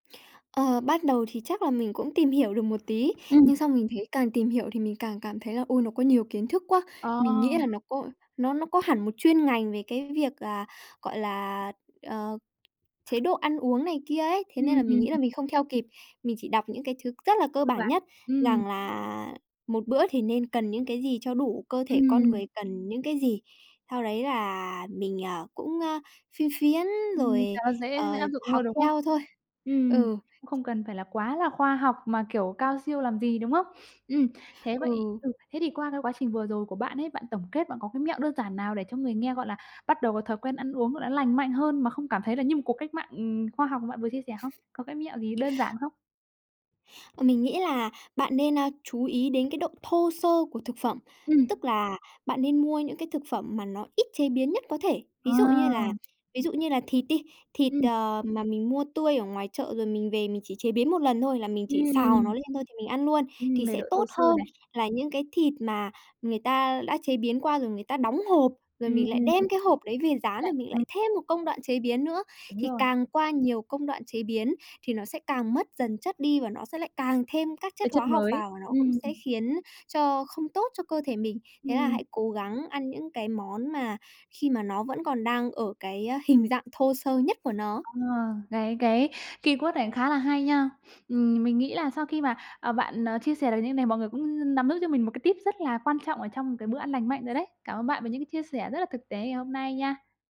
Ờ, bắt đầu thì chắc là mình cũng tìm hiểu được một tí, Ừm. nhưng xong mình thấy càng tìm hiểu thì mình càng cảm thấy là, ôi, nó có nhiều kiến thức quá. Ờ. Mình nghĩ là nó có nó nó có hẳn một chuyên ngành về cái việc là, gọi là, ờ, chế độ ăn uống này kia ấy, thế nên là mình Ừm. nghĩ là mình không theo kịp. Mình chỉ đọc những cái thứ rất là cơ Cơ bản bản. nhất Ừm. rằng là một bữa thì nên cần những cái gì cho đủ, cơ thể con Ừm. người cần những cái gì. Sau đấy là mình, à, cũng, a, phiên phiến Ừm, rồi, cho nó dễ ờ, dễ áp dụng học hơn, đúng không? theo thôi. Ừm. Ừ. Cũng không cần phải là quá là khoa học mà kiểu cao siêu làm gì, đúng không? Ừm, thế vậy Ừ. ừ, thế thì qua cái quá trình vừa rồi của bạn ấy, bạn tổng kết bạn có cái mẹo đơn giản nào để cho người nghe, gọi là, bắt đầu có thói quen ăn uống là nó lành mạnh hơn mà không cảm thấy là như một cuộc cách mạng, ừm, khoa học mà bạn vừa chia sẻ không? Có cái mẹo gì đơn giản không? Ờ, mình nghĩ là bạn nên, a, chú ý đến cái độ thô sơ của thực phẩm, Ừm. tức là bạn nên mua những cái thực phẩm mà nó ít chế biến nhất có thể. Ờ. Ví dụ như là ví dụ như là thịt đi, thịt, Ừm. ờ, mà mình mua tươi ở ngoài chợ rồi mình về mình chỉ chế biến 1 lần thôi, là mình chỉ xào nó Ừm. lên thôi thì mình ăn luôn Ừm, thì về sẽ độ tốt thô sơ hơn này. là những cái thịt mà người ta đã chế biến rồi người ta đóng hộp, rồi Ừm. mình lại đem cái hộp đấy về rán, Lại rồi mình lại ừm. thêm một công đoạn chế biến nữa. Đúng Thì rồi. càng qua nhiều công đoạn chế biến thì nó sẽ càng mất dần chất đi và nó sẽ lại càng thêm các chất Cái hóa chất học mới, vào, nó cũng ừm. sẽ khiến cho không tốt cho cơ thể mình. Thế là Ừm. hãy cố gắng ăn những cái món mà khi mà nó vẫn còn đang ở cái hình dạng thô sơ nhất của nó. À, cái cái keyword này khá là hay nha. Ừm, mình nghĩ là sau khi mà, à, bạn, à, chia sẻ được như này, mọi người cũng n nắm giữ cho mình một cái tip rất là quan trọng ở trong một cái bữa ăn lành mạnh rồi đấy. Cảm ơn bạn về những cái chia sẻ rất là thực tế ngày hôm nay nha!